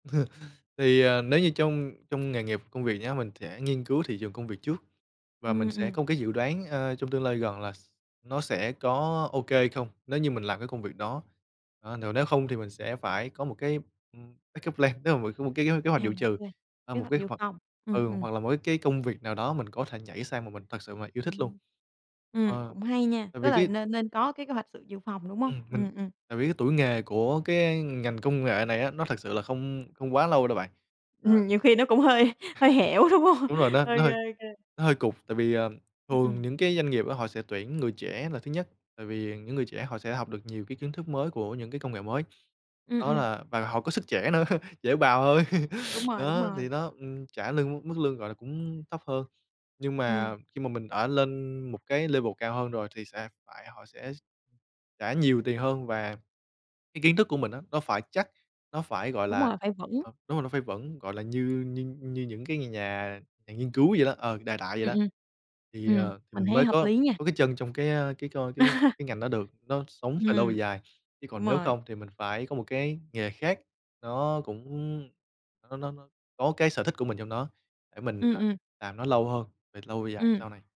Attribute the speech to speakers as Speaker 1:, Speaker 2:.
Speaker 1: Thì, ờ, nếu như trong trong nghề nghiệp công việc nhá, mình sẽ nghiên cứu thị trường công việc trước và
Speaker 2: Ừm,
Speaker 1: mình sẽ
Speaker 2: ừm.
Speaker 1: có một cái dự đoán, ờ, trong tương lai gần là s nó sẽ có ô kê hay không nếu như mình làm cái công việc đó. Ờ, nếu không thì mình sẽ phải có một cái, ừm, backup plan tức là mình có một cái cái kế hoạch
Speaker 2: À,
Speaker 1: dụ
Speaker 2: ô
Speaker 1: trừ,
Speaker 2: kê,
Speaker 1: à,
Speaker 2: kế
Speaker 1: một
Speaker 2: hoạch
Speaker 1: cái
Speaker 2: dự
Speaker 1: hoặc
Speaker 2: phòng, ừm,
Speaker 1: ừ,
Speaker 2: ừm.
Speaker 1: hoặc là một cái cái công việc nào đó mình có thể nhảy sang mà mình thật sự mà yêu thích luôn.
Speaker 2: Ừm. Ừm,
Speaker 1: Ờ,
Speaker 2: cũng hay nha,
Speaker 1: tại
Speaker 2: tức
Speaker 1: vì
Speaker 2: là
Speaker 1: cái
Speaker 2: nên nên có cái kế hoạch sự dự phòng, đúng hông?
Speaker 1: Ừm, mình
Speaker 2: Ừm, ừm.
Speaker 1: tại vì cái tuổi nghề của cái ngành công nghệ này á nó thật sự là không không quá lâu đâu bạn.
Speaker 2: Ừm,
Speaker 1: Ờm.
Speaker 2: nhiều khi nó cũng hơi hơi hẻo, đúng hông?
Speaker 1: Đúng rồi, nó
Speaker 2: Ô
Speaker 1: nó
Speaker 2: kê,
Speaker 1: hơi
Speaker 2: ô kê.
Speaker 1: nó hơi cụt, tại vì, ờ,
Speaker 2: Ừm,
Speaker 1: thường
Speaker 2: ừm.
Speaker 1: những cái doanh nghiệp á họ sẽ tuyển người trẻ là thứ nhất, tại vì những người trẻ họ sẽ học được nhiều cái kiến thức mới của những cái công nghệ mới.
Speaker 2: Ừm,
Speaker 1: Đó
Speaker 2: ừm.
Speaker 1: là và họ có sức trẻ nữa, dễ bào hơn.
Speaker 2: Đúng rồi, đúng
Speaker 1: Đó, thì
Speaker 2: rồi.
Speaker 1: nó, ừm, trả lương mức lương, gọi là, cũng thấp hơn. Nhưng
Speaker 2: Ừm.
Speaker 1: mà khi mà mình ở lên một cái level cao hơn rồi, thì sẽ phải họ sẽ trả nhiều tiền hơn và cái kiến thức của mình á nó phải chắc, nó phải, gọi
Speaker 2: Đúng
Speaker 1: là
Speaker 2: rồi, phải vững.
Speaker 1: ờ, đúng rồi, nó phải vững, gọi là, như như như những cái nhà nhà nghiên cứu vậy đó, ờ, đại đại vậy
Speaker 2: Ừm,
Speaker 1: đó.
Speaker 2: ừm.
Speaker 1: Thì, à,
Speaker 2: Ừm,
Speaker 1: thì
Speaker 2: mình
Speaker 1: mình
Speaker 2: thấy
Speaker 1: mới
Speaker 2: hợp
Speaker 1: có
Speaker 2: lý nha.
Speaker 1: có cái chân trong cái, a, cái coi cái cái ngành đó được, nó sống về lâu về
Speaker 2: Ừm,
Speaker 1: dài. Chứ
Speaker 2: đúng
Speaker 1: còn nếu
Speaker 2: rồi.
Speaker 1: không thì mình phải có một cái nghề khác, nó cũng nó nó nó có cái sở thích của mình trong đó, để mình
Speaker 2: Ừm,
Speaker 1: là
Speaker 2: ừm.
Speaker 1: làm nó lâu hơn, về lâu về dài
Speaker 2: Ừm.
Speaker 1: sau này.